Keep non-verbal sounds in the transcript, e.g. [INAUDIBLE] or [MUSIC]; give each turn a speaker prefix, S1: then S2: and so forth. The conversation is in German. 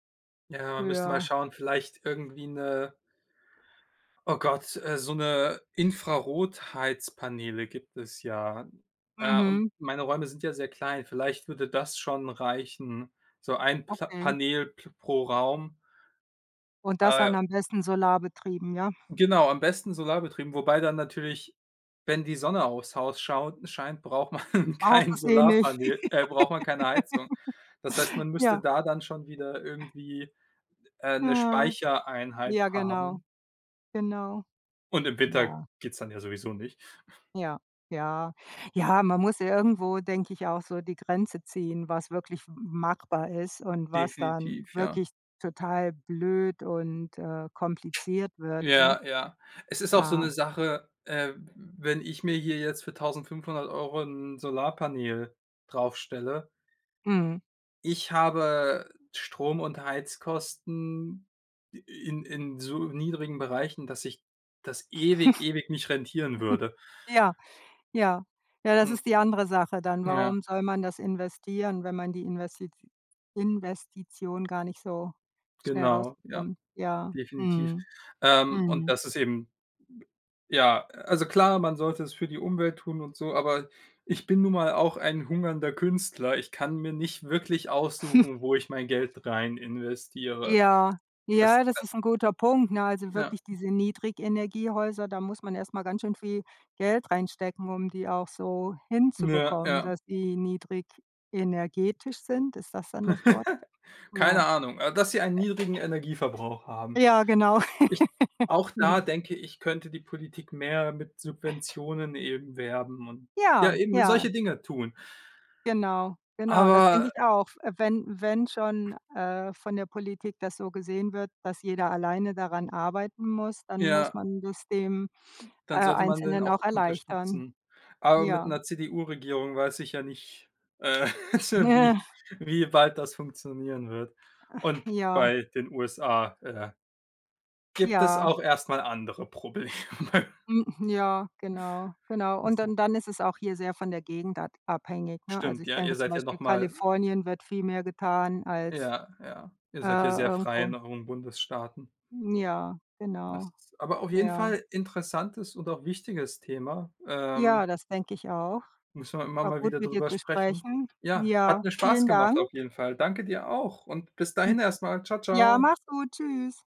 S1: Ja, man müsste mal
S2: Ja.
S1: schauen, vielleicht irgendwie 'ne oh Gott, äh, so 'ne Infrarotheizpaneele gibt es ja, äh, und
S2: Mhm.
S1: meine Räume sind ja sehr klein, vielleicht würde das schon reichen, so ein Pla
S2: Okay.
S1: Panel p pro Raum.
S2: Und das
S1: Äh
S2: dann am besten solarbetrieben, ja?
S1: genau, am besten solarbetrieben, wobei dann natürlich, wenn die Sonne aufs Haus schaut scheint, braucht man
S2: Brauchst
S1: kein
S2: es eh nicht.
S1: Solarpaneel äh, braucht man keine Heizung. Das heißt,
S2: [LAUGHS]
S1: man müsste
S2: Ja.
S1: da dann schon wieder irgendwie, äh, 'ne
S2: Ja,
S1: Speichereinheit
S2: ja genau.
S1: haben.
S2: Genau.
S1: Und im Winter
S2: Ja.
S1: geht's dann ja sowieso nicht. [SNORTS]
S2: Ja, ja. Ja, man muss irgendwo, denke ich, auch so die Grenze ziehen, was wirklich m machbar ist und was dann
S1: Definitiv, ja.
S2: wirklich total blöd und, äh, kompliziert wird, ne?
S1: Ja, ja. Es ist auch so 'ne
S2: Ja.
S1: Sache, äh, wenn ich mir hier jetzt für 1.500 € 'n Solarpaneel draufstelle
S2: Mhm.
S1: ich habe Strom und Heizkosten in in so niedrigen Bereichen, dass sich das ewig, ewig nicht rentieren würde.
S2: [CHUCKLES] Ja, ja. Ja, das
S1: Hm.
S2: ist die andere Sache dann.
S1: Ja.
S2: Warum soll man das investieren, wenn man die Investi Investition gar nicht so schnell
S1: Genau, ja,
S2: rausbekommt? Ja,
S1: definitiv.
S2: mhm,
S1: Ähm, und
S2: mhm.
S1: das ist eben ja, also, klar, man sollte es für die Umwelt tun und so, aber ich bin nun mal auch ein hungernder Künstler. Ich kann mir nicht wirklich aussuchen, wo ich mein Geld
S2: [SNORTS]
S1: reininvestiere.
S2: Ja,
S1: Das,
S2: ja,
S1: äh
S2: das ist 'n guter Punkt, ne? Also
S1: Ja.
S2: wirklich diese Niedrigenergiehäuser, da muss man erst mal ganz schön viel Geld reinstecken, um die auch so
S1: Ja,
S2: hinzubekommen,
S1: ja.
S2: dass die niedrigenergetisch sind. Ist das dann
S1: [CHUCKLES]
S2: das Wort?
S1: Keine
S2: Ja.
S1: Ahnung, äh, dass sie einen niedrigen Energieverbrauch haben.
S2: Ja, genau.
S1: Ich
S2: [CHUCKLES]
S1: auch da
S2: Ja.
S1: denke ich, könnte die Politik mehr mit Subventionen eben werben und ja,
S2: Ja,
S1: eben
S2: ja.
S1: solche Dinge tun.
S2: Genau, genau, das denke
S1: Aber
S2: ich auch. Äh, wenn wenn schon, äh, von der Politik das so gesehen wird, dass jeder alleine daran arbeiten muss, dann muss
S1: Ja.
S2: man das dem, äh,
S1: Dann sollte man den
S2: Einzelnen
S1: auch
S2: auch erleichtern.
S1: unterstützen, aber mit
S2: Ja.
S1: 'ner CDU-Regierung weiß ich ja nicht, äh, [CHUCKLES] sch wie
S2: Ja.
S1: wie weit das funktionieren wird.
S2: [SIGHS]
S1: Und
S2: Ja.
S1: bei den USA, äh gibt es
S2: Ja.
S1: auch erst mal andere Probleme.
S2: Hm, ja, genau, genau,
S1: Das
S2: und
S1: ist
S2: dann dann ist es auch hier sehr von der Gegend ad abhängig, ne? Also,
S1: Stimmt,
S2: ich
S1: ja, ihr
S2: denke, zum
S1: seid ja noch
S2: Beispiel
S1: mal
S2: Kalifornien wird viel mehr getan als,
S1: Ja, ja, ihr
S2: äh,
S1: seid ja sehr frei
S2: irgendwo.
S1: in euren Bundesstaaten.
S2: Ja,
S1: Das
S2: genau.
S1: ist aber auf jeden
S2: Ja.
S1: Fall interessantes und auch wichtiges Thema, ähm
S2: Ja, das denke ich auch.
S1: müssen wir immer
S2: War
S1: mal
S2: gut,
S1: wieder
S2: mit dir
S1: drüber
S2: zu
S1: sprechen.
S2: sprechen.
S1: Ja, hat
S2: Ja,
S1: mir Spaß
S2: vielen
S1: gemacht
S2: Dank.
S1: auf jeden Fall. Danke dir auch und bis
S2: Hm,
S1: dahin erst mal. Ciao,
S2: ja,
S1: ciao.
S2: mach's gut. Tschüss.